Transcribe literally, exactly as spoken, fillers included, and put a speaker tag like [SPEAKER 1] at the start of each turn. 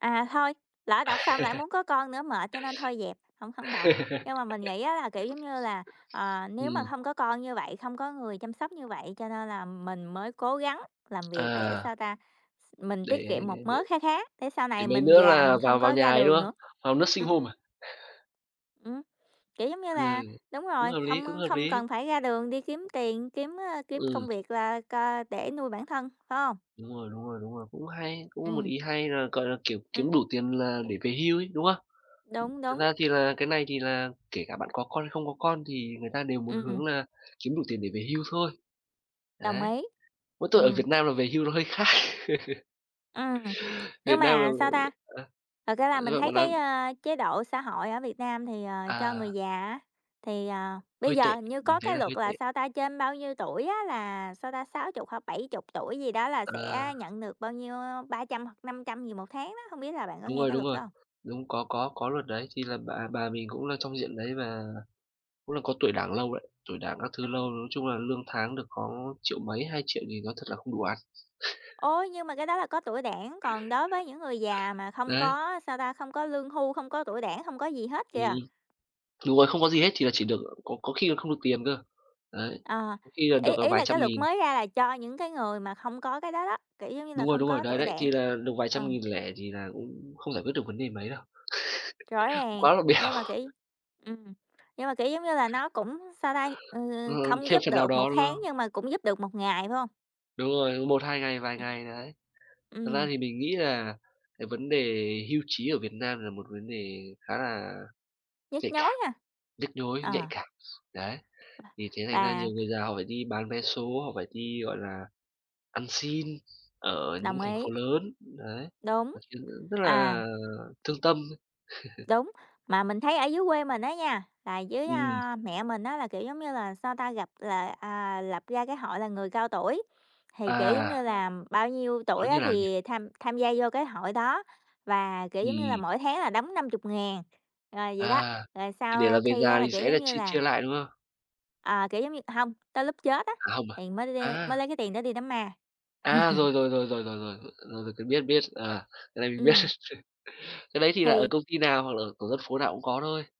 [SPEAKER 1] À, thôi, lỡ đọc xong lại muốn có con nữa mệt cho nên thôi dẹp, hổng hổng đọc. Nhưng mà mình nghĩ á là, kiểu giống như là, ờ, nếu mà
[SPEAKER 2] Ừm.
[SPEAKER 1] hông có con như vậy, không có người chăm sóc như vậy, cho nên là mình mới cố gắng làm việc để
[SPEAKER 2] À.
[SPEAKER 1] sao ta? Ph mình tiết
[SPEAKER 2] Để
[SPEAKER 1] kiệm một
[SPEAKER 2] để để
[SPEAKER 1] mớ kha khá để sau
[SPEAKER 2] để
[SPEAKER 1] này
[SPEAKER 2] mấy mấy
[SPEAKER 1] mình
[SPEAKER 2] nữa
[SPEAKER 1] già
[SPEAKER 2] là
[SPEAKER 1] mình
[SPEAKER 2] vào
[SPEAKER 1] không
[SPEAKER 2] vào
[SPEAKER 1] có
[SPEAKER 2] nhà
[SPEAKER 1] ra
[SPEAKER 2] ấy
[SPEAKER 1] đường
[SPEAKER 2] nữa,
[SPEAKER 1] nữa.
[SPEAKER 2] vào nursing
[SPEAKER 1] Ừm.
[SPEAKER 2] home à?
[SPEAKER 1] Ừm, kiểu giống như là
[SPEAKER 2] Ừm.
[SPEAKER 1] đúng
[SPEAKER 2] Cũng
[SPEAKER 1] rồi,
[SPEAKER 2] hợp lý,
[SPEAKER 1] không,
[SPEAKER 2] cũng
[SPEAKER 1] ơ,
[SPEAKER 2] hợp
[SPEAKER 1] không
[SPEAKER 2] lý.
[SPEAKER 1] cần phải ra đường đi kiếm tiền, kiếm, ơ, kiếm
[SPEAKER 2] Ừm.
[SPEAKER 1] công việc là cờ để nuôi bản thân, phải hông?
[SPEAKER 2] Đúng rồi, đúng rồi, đúng rồi, cũng hay, cũng một
[SPEAKER 1] Ừm.
[SPEAKER 2] ý hay là, gọi là, kiểu, kiếm đủ
[SPEAKER 1] Ừm.
[SPEAKER 2] tiền là để về hưu ấy, đúng không?
[SPEAKER 1] Đúng,
[SPEAKER 2] Thật
[SPEAKER 1] đúng.
[SPEAKER 2] ra thì là cái này thì là kể cả bạn có con hay không có con thì người ta đều muốn
[SPEAKER 1] Ừm.
[SPEAKER 2] hướng là kiếm đủ tiền để về hưu thôi.
[SPEAKER 1] Đồng
[SPEAKER 2] Đấy.
[SPEAKER 1] ý.
[SPEAKER 2] Mỗi tội ở
[SPEAKER 1] Ừm.
[SPEAKER 2] Việt Nam là về hưu nó hơi khác.
[SPEAKER 1] Ừm. Nhưng
[SPEAKER 2] Việt Nam là,
[SPEAKER 1] mà sao ta?
[SPEAKER 2] ờ,
[SPEAKER 1] Thật ra là
[SPEAKER 2] ờ, sao
[SPEAKER 1] mình
[SPEAKER 2] hả
[SPEAKER 1] thấy
[SPEAKER 2] cậu nói
[SPEAKER 1] cái, ơ, chế độ xã hội ở Việt Nam thì, ờ, cho người
[SPEAKER 2] À.
[SPEAKER 1] già á, thì, ờ, bây
[SPEAKER 2] Hơi
[SPEAKER 1] giờ
[SPEAKER 2] tệ,
[SPEAKER 1] hình như
[SPEAKER 2] mình
[SPEAKER 1] có
[SPEAKER 2] thấy
[SPEAKER 1] cái
[SPEAKER 2] là hơi
[SPEAKER 1] luật
[SPEAKER 2] tệ.
[SPEAKER 1] là sao ta? Trên bao nhiêu tuổi á là sao ta? sáu chục hoặc là bảy chục tuổi gì đó là
[SPEAKER 2] Ờ.
[SPEAKER 1] sẽ nhận được bao nhiêu, ơ, ba trăm hoặc năm trăm gì một tháng đó, hông biết là bạn có
[SPEAKER 2] Đúng
[SPEAKER 1] nghe
[SPEAKER 2] rồi,
[SPEAKER 1] cái
[SPEAKER 2] đúng
[SPEAKER 1] luật
[SPEAKER 2] rồi.
[SPEAKER 1] đó hông?
[SPEAKER 2] Đúng, có có có luật đấy, thì là bà bà mình cũng là trong diện đấy và cũng là có tuổi Đảng lâu đấy, tuổi Đảng các thứ
[SPEAKER 1] Ừm.
[SPEAKER 2] lâu, nói chung là lương tháng được có triệu mấy, hai triệu thì nói thật là không đủ ăn.
[SPEAKER 1] Ủa, nhưng mà cái đó là có tuổi Đảng, còn đối với những người già mà không
[SPEAKER 2] Đấy.
[SPEAKER 1] có sao ta? Không có lương hưu, không có tuổi Đảng, không có gì hết
[SPEAKER 2] Ừm.
[SPEAKER 1] kìa.
[SPEAKER 2] Đúng rồi, không có gì hết thì là chỉ được, ờ, có có khi là không được tiền cơ. Đấy.
[SPEAKER 1] Ờ.
[SPEAKER 2] Có khi là
[SPEAKER 1] Ý
[SPEAKER 2] được, à,
[SPEAKER 1] ý
[SPEAKER 2] vài
[SPEAKER 1] là
[SPEAKER 2] trăm
[SPEAKER 1] cái luật
[SPEAKER 2] nghìn.
[SPEAKER 1] mới ra là cho những cái người mà không có cái đó đó, kiểu giống như là,
[SPEAKER 2] Đúng rồi,
[SPEAKER 1] không
[SPEAKER 2] đúng rồi,
[SPEAKER 1] có
[SPEAKER 2] đấy,
[SPEAKER 1] tuổi
[SPEAKER 2] đấy, thì
[SPEAKER 1] Đảng.
[SPEAKER 2] là được vài
[SPEAKER 1] Ờ.
[SPEAKER 2] trăm nghìn lẻ thì là cũng không giải quyết được vấn đề mấy đâu.
[SPEAKER 1] Rõ ràng.
[SPEAKER 2] Quá là bèo.
[SPEAKER 1] Nhưng mà kiểu ừm, nhưng mà, kiểu giống như là, nó cũng sao ta?
[SPEAKER 2] Ờ,
[SPEAKER 1] Ừm, không
[SPEAKER 2] thêm
[SPEAKER 1] giúp
[SPEAKER 2] phần nào
[SPEAKER 1] được một
[SPEAKER 2] đó, đúng
[SPEAKER 1] tháng,
[SPEAKER 2] không?
[SPEAKER 1] nhưng mà cũng giúp được một ngày, phải hông?
[SPEAKER 2] Đúng rồi, một, hai ngày, vài
[SPEAKER 1] Ừm.
[SPEAKER 2] ngày, đấy. Thật ra
[SPEAKER 1] Ừm.
[SPEAKER 2] thì mình nghĩ là cái vấn đề hưu trí ở Việt Nam là một vấn đề khá là
[SPEAKER 1] Nhức
[SPEAKER 2] nhạy
[SPEAKER 1] nhối
[SPEAKER 2] cảm,
[SPEAKER 1] ha.
[SPEAKER 2] nhức nhối, nhạy
[SPEAKER 1] À.
[SPEAKER 2] cảm. Đấy, thì thế thành ra
[SPEAKER 1] Và
[SPEAKER 2] nhiều người già họ phải đi bán vé số, họ phải đi, gọi là, ăn xin ở những
[SPEAKER 1] Đồng
[SPEAKER 2] thành phố
[SPEAKER 1] ý.
[SPEAKER 2] lớn, đấy,
[SPEAKER 1] Đúng.
[SPEAKER 2] nói chung rất
[SPEAKER 1] À.
[SPEAKER 2] là thương tâm.
[SPEAKER 1] Đúng. Mà mình thấy ở dưới quê mình á nha, là dưới,
[SPEAKER 2] Ừm.
[SPEAKER 1] a, mẹ mình á là, kiểu giống như là, sao ta? Gập là à, lập ra cái hội là người cao tuổi, thì, kiểu giống như
[SPEAKER 2] À.
[SPEAKER 1] là, bao nhiêu
[SPEAKER 2] Nó
[SPEAKER 1] tuổi á
[SPEAKER 2] như nào nhỉ?
[SPEAKER 1] thì tham tham gia vô cái hội đó và, kiểu giống như là,
[SPEAKER 2] Ừm.
[SPEAKER 1] mỗi tháng là đóng năm chục ngàn rồi vậy đó,
[SPEAKER 2] À.
[SPEAKER 1] rồi
[SPEAKER 2] Thì
[SPEAKER 1] sau,
[SPEAKER 2] để là
[SPEAKER 1] ơ,
[SPEAKER 2] về
[SPEAKER 1] khi á
[SPEAKER 2] già
[SPEAKER 1] là,
[SPEAKER 2] thì
[SPEAKER 1] kiểu
[SPEAKER 2] sẽ là
[SPEAKER 1] giống như
[SPEAKER 2] chia
[SPEAKER 1] là
[SPEAKER 2] chia lại, đúng không?
[SPEAKER 1] à, kiểu giống như, hông tới lúc chết á,
[SPEAKER 2] À, không à?
[SPEAKER 1] thì mới lem mới
[SPEAKER 2] À.
[SPEAKER 1] lấy cái tiền đó đi đám ma.
[SPEAKER 2] À, rồi, rồi, rồi, rồi, rồi, rồi, rồi, rồi, rồi tôi biết, biết, à, cái này mình biết.
[SPEAKER 1] Ừm.
[SPEAKER 2] Cái đấy thì là ở
[SPEAKER 1] Thì
[SPEAKER 2] công ty nào, hoặc là ở tổ dân phố nào cũng có thôi.